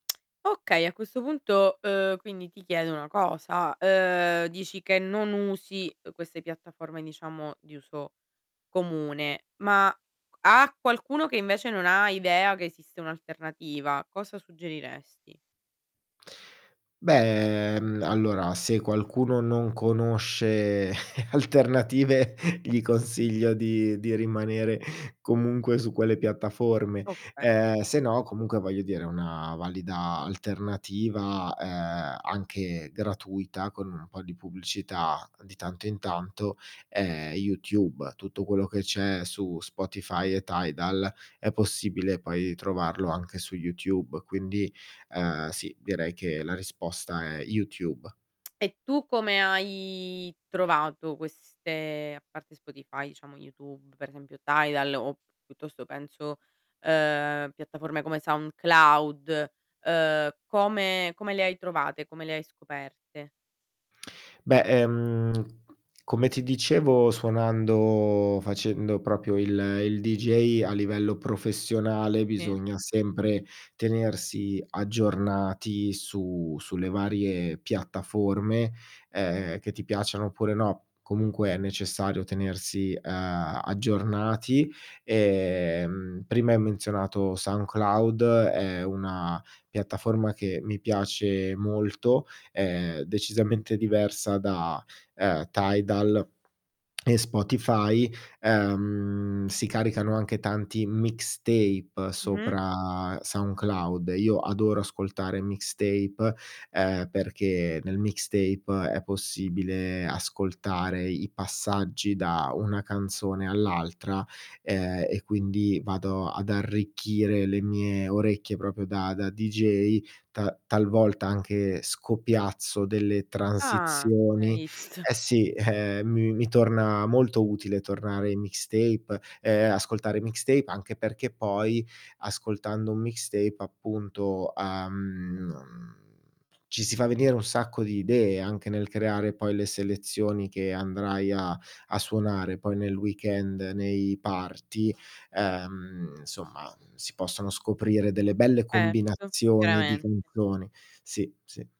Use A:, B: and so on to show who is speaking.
A: Okay a questo punto, uhm, quindi ti chiedo una cosa, uhm, dici che non usi queste piattaforme diciamo di uso comune, ma q a qualcuno che invece non ha idea che esiste un'alternativa, cosa suggeriresti?
B: Beh, mh, allora se qualcuno non conosce alternative gli consiglio di di rimanere comunque su quelle piattaforme,
A: Okay.
B: ehm, se no comunque voglio dire una valida alternativa, ehm, anche gratuita con un po' di pubblicità di tanto in tanto è YouTube. Tutto quello che c'è su Spotify e Tidal, è possibile poi trovarlo anche su YouTube, quindi, ehm, sì direi che la risposta è YouTube.
A: E tu come hai trovato queste a parte Spotify diciamo YouTube per esempio Tidal o p piuttosto penso uhm, piattaforme come SoundCloud, uhm, come come le hai trovate, come le hai scoperte?
B: Beh, ehm, come ti dicevo suonando facendo proprio il il DJ a livello professionale,
A: Sì.
B: bisogna sempre tenersi aggiornati su sulle varie piattaforme, ehm, che ti piacciano oppure no, comunque è necessario tenersi, uhm, aggiornati. Ehm prima hai menzionato SoundCloud, è una piattaforma che mi piace molto, è decisamente diversa da, ehm, Tidal e Spotify. Ehm si caricano anche tanti mixtape
A: Mh-mh.
B: sopra Soundcloud. Io adoro ascoltare mixtape, ehm, perché nel mixtape è possibile ascoltare i passaggi da una canzone all'altra, ehm, e quindi vado ad arricchire le mie orecchie, proprio da da DJ ta talvolta, anche scopiazzo delle
A: Ah, hai
B: transizioni.
A: visto.
B: Eh, sì mi mi torna molto utile tornare ai mixtape, ehm, ascoltare mixtape anche perché poi ascoltando un mixtape appunto, uhm, mhmm, ci si fa venire un sacco di idee anche nel creare poi le selezioni che andrai a a suonare poi nel weekend nei party, ehm, insomma si possono scoprire delle belle combinazioni,
A: Certo,
B: di
A: chiaramente.
B: canzoni sì ,sì.